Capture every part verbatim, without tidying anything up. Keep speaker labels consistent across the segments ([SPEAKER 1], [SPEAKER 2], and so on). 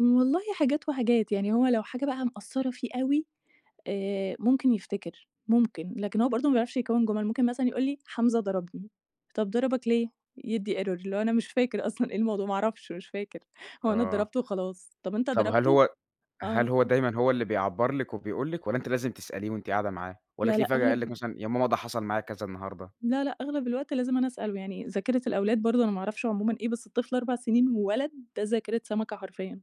[SPEAKER 1] والله حاجات وحاجات، يعني هو لو حاجة بقى مأثرة فيه أوي آآ ممكن يفتكر، ممكن، لكن هو برضو ما بيعرفش يكوِّن جُمل، ممكن مثلًا يقول لي: "حمزة ضربني." "طَب ضربك ليه؟" يدّي error، اللي هو: "أنا مش فاكر أصلًا إيه الموضوع، ما أعرفش، مش فاكر. هو أنا
[SPEAKER 2] آه.
[SPEAKER 1] اتضربت وخلاص." "طَب أنت
[SPEAKER 2] طَب هل
[SPEAKER 1] ضربته؟"
[SPEAKER 2] هو،
[SPEAKER 1] آه
[SPEAKER 2] هل هو
[SPEAKER 1] أ
[SPEAKER 2] دايمًا هو اللي بيعبَّر لِك وبيقول لِك والّا أنتِ لازم تسأليه وأنتِ قاعدة معاه؟ والّا
[SPEAKER 1] لأ
[SPEAKER 2] تلاقيه
[SPEAKER 1] لأ،
[SPEAKER 2] فجأة قال
[SPEAKER 1] أغلب
[SPEAKER 2] لِك
[SPEAKER 1] ال
[SPEAKER 2] مثلًا يا ماما ده حصل معايا كذا النهارده؟
[SPEAKER 1] لأ لأ، أغلب الوقت لازم أنا أسأله، يعني ذاكرة الأولاد برضو أنا ما أعرفش عمومًا إيه، بس الطفل أربع سنين وولد، ده ذاكرة سمكة حرفيًا،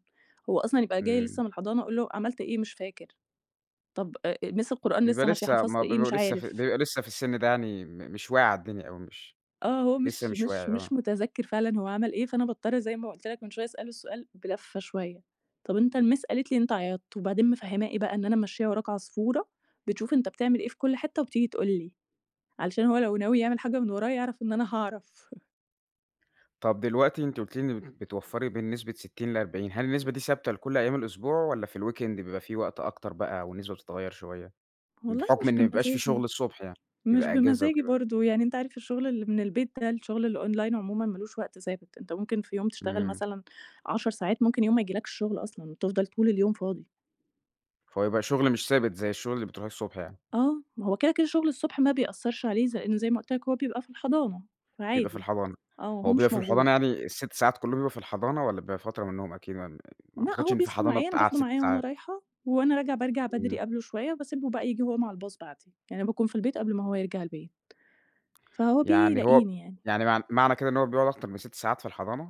[SPEAKER 1] هو أصلًا يبقى جاي
[SPEAKER 2] إمم.
[SPEAKER 1] لسه من الحضانة، أقول له: "عملت إيه؟" "مش فاكر." "طَب أ miss القرآن
[SPEAKER 2] بيبقى
[SPEAKER 1] لسه ماشية،
[SPEAKER 2] لسه م
[SPEAKER 1] حفظت إيه؟"
[SPEAKER 2] بيبقى
[SPEAKER 1] "مش
[SPEAKER 2] لسه
[SPEAKER 1] عارف."
[SPEAKER 2] بيبقى لسه في السِن ده يعني م مش واعي على الدنيا أوي مش
[SPEAKER 1] آه، هو
[SPEAKER 2] لسه
[SPEAKER 1] مش
[SPEAKER 2] مش واعي،
[SPEAKER 1] مش
[SPEAKER 2] آه.
[SPEAKER 1] مش متذكر فعلًا هو عمل إيه، فأنا باضطر زي ما قُلت لك من شوية أسأله السؤال بلفّة شوية، طَب أنت الmiss قالت لي إن أنت عيطت، وبعدين مفهماه إيه بقى إن أنا ممشية وراك عصفورة بتشوف أنت بتعمل إيه في كل حتّة وبتيجي تقول لي، علشان هو لو ناوي يعمل حاجة من ورايا يعرَف إن أنا هاعرف
[SPEAKER 2] طَب دلوقتي أنتِ قُلتِ لي إن بتوفّري بين نسبة ستين لأربعين. هل النسبة دي ثابتة لكل أيام الأسبوع والّا في الweekend بيبقى فيه وقت أكتر بقى والنسبة بتتغيّر شوية؟
[SPEAKER 1] والله
[SPEAKER 2] بحُكم
[SPEAKER 1] مش
[SPEAKER 2] إن ما بيبقاش فيه
[SPEAKER 1] بمزاجي،
[SPEAKER 2] شغل الصبح يعني،
[SPEAKER 1] مش
[SPEAKER 2] بيبقى أجازة
[SPEAKER 1] بمزاجي
[SPEAKER 2] وكده.
[SPEAKER 1] برضو، يعني أنت عارف الشغل اللي من البيت ده، الشغل الonline عمومًا ما لوش وقت ثابت، أنت ممكن في يوم تشتغل
[SPEAKER 2] إمم.
[SPEAKER 1] مثلًا عَشَر ساعات، ممكن يوم ما يجيلكش شغل أصلًا، وتفضَل طول اليوم فاضي.
[SPEAKER 2] فهو يبقى شغل مش ثابت زي الشغل اللي بترُوحيه الصبح يعني.
[SPEAKER 1] آه. ما هو كده كده شغل الصبح ما بيأثرش عليه، ز لأنه زي ما قُلت لك هو بيبقى في الحضانة
[SPEAKER 2] بيبقى في
[SPEAKER 1] فعادي.
[SPEAKER 2] الحضانة.
[SPEAKER 1] آه،
[SPEAKER 2] هو
[SPEAKER 1] هو
[SPEAKER 2] بيبقى
[SPEAKER 1] مش
[SPEAKER 2] في
[SPEAKER 1] موجود.
[SPEAKER 2] الحضانة يعني السِت ساعات كلّهم بيبقى في الحضانة والّا بيبقى فترة منهم؟ [unintelligible] ما
[SPEAKER 1] لأ،
[SPEAKER 2] أعتقدش
[SPEAKER 1] هو
[SPEAKER 2] إن فيه
[SPEAKER 1] بيصحى
[SPEAKER 2] حضانة
[SPEAKER 1] معايا، أنا
[SPEAKER 2] بتقعّد
[SPEAKER 1] باخده
[SPEAKER 2] سِت
[SPEAKER 1] معايا وأنا
[SPEAKER 2] ساعات.
[SPEAKER 1] رايحة، وأنا راجعة بارجع
[SPEAKER 2] إمم.
[SPEAKER 1] بدري قبله شوية، وباسيبه بقى ييجي هو مع الbus بعدي. يعني باكون في البيت قبل ما هو يرجَع البيت، فهو بييجي
[SPEAKER 2] يعني هو
[SPEAKER 1] بيلاقيني يعني.
[SPEAKER 2] يعني مع معنى كده إن هو بيقعد أكتر من سِت ساعات في الحضانة؟